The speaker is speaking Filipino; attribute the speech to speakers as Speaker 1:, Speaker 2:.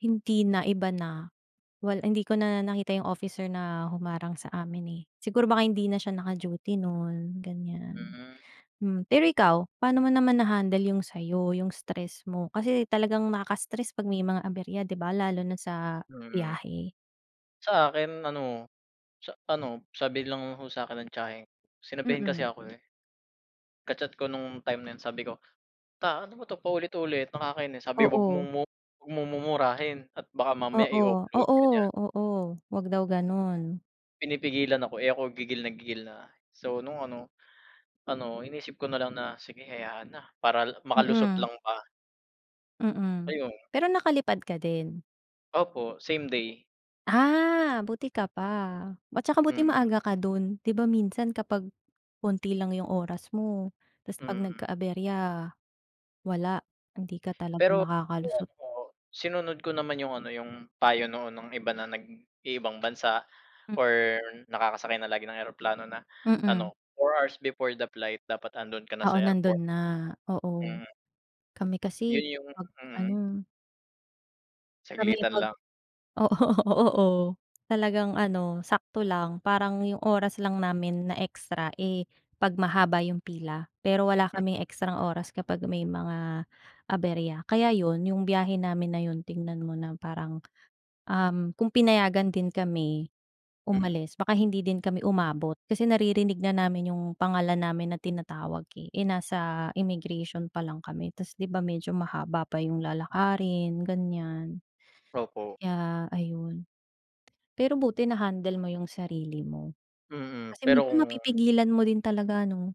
Speaker 1: Hindi na, iba na. Wal hindi ko na nakita 'yong officer na humarang sa amin, eh. Siguro baka hindi na siya naka-duty no'n, ganiyan.
Speaker 2: Hmm.
Speaker 1: Hmm. Pero ikaw, paano mo naman na-handle 'yong sa 'yo, 'yong stress mo? Kasi talagang nakaka-stress 'pag may mga aberya, 'di ba, lalo na sa
Speaker 2: Hmm.
Speaker 1: biyahe?
Speaker 2: Sa akin, ano, sa, ano, sabi lang ho sa 'kin ng tiyahin ko. Sinabihin kasi
Speaker 1: Mm.
Speaker 2: ako, eh. Ka-chat ko no'ng time na 'yon sabi ko, "Ta, ano ba 'to, paulit-ulit, nakakainis." Sabi, "Huwag mo
Speaker 1: Oo.
Speaker 2: mong mu huwag mong mumurahin at baka mamaya
Speaker 1: Oo.
Speaker 2: i-offload
Speaker 1: Oo!
Speaker 2: ka niyan."
Speaker 1: Oo, huwag daw gano'n.
Speaker 2: Pinipigilan ako, eh, ako gigil na gigil na. So no'ng ano, ano, inisip ko na lang na sige hayaan na. Para makalusot
Speaker 1: Mm.
Speaker 2: lang ba.
Speaker 1: Mm,
Speaker 2: Ayun.
Speaker 1: pero nakalipad ka din?
Speaker 2: Opo, same day.
Speaker 1: Ah, buti ka pa. At saka buti
Speaker 2: Mm.
Speaker 1: maaga ka do'n. 'Di ba, minsan kapag konti lang 'yong oras mo 'tas 'pag
Speaker 2: Mm.
Speaker 1: nagka-aberya, wala. Hindi ka talaga
Speaker 2: Pero
Speaker 1: makakalusot.
Speaker 2: [unintelligible] sinunod ko naman 'yong, ano, 'yong payo noon ng iba na nag-iibang bansa
Speaker 1: Mm.
Speaker 2: or nakakasakay na lagi ng eroplano na,
Speaker 1: Mm.
Speaker 2: ano, 4 hours before the flight dapat andoon ka na
Speaker 1: Oo,
Speaker 2: sa airport.
Speaker 1: nando'n na. Oo.
Speaker 2: Mm.
Speaker 1: Kami kasi
Speaker 2: 'Yon 'yong
Speaker 1: 'pag, ano
Speaker 2: mm.
Speaker 1: Kami
Speaker 2: Saglitan
Speaker 1: 'pag
Speaker 2: lang.
Speaker 1: oo, oo. Talagang, ano, sakto lang parang 'yong oras lang namin na extra, eh, 'pag mahaba 'yong pila. Pero wala
Speaker 2: Hmm.
Speaker 1: kaming extrang oras kapag may mga aberya. Kaya, 'yon, 'yong biyahe namin na 'yon tingnan mo na parang, um, kung pinayagan din kami
Speaker 2: Mm.
Speaker 1: umalis, baka hindi din kami umabot. Kasi naririnig na namin 'yong pangalan namin na tinatawag, eh. Eh, nasa immigration pa lang kami. Tas, 'di ba, medyo mahaba pa 'yong lalakarin, ganiyan,
Speaker 2: Opo.
Speaker 1: kaya ayun. Pero buti na-handle mo 'yong sarili mo.
Speaker 2: Mm.
Speaker 1: Kasi
Speaker 2: Pero
Speaker 1: minsan
Speaker 2: kung
Speaker 1: mapipigilan mo rin talaga, ano?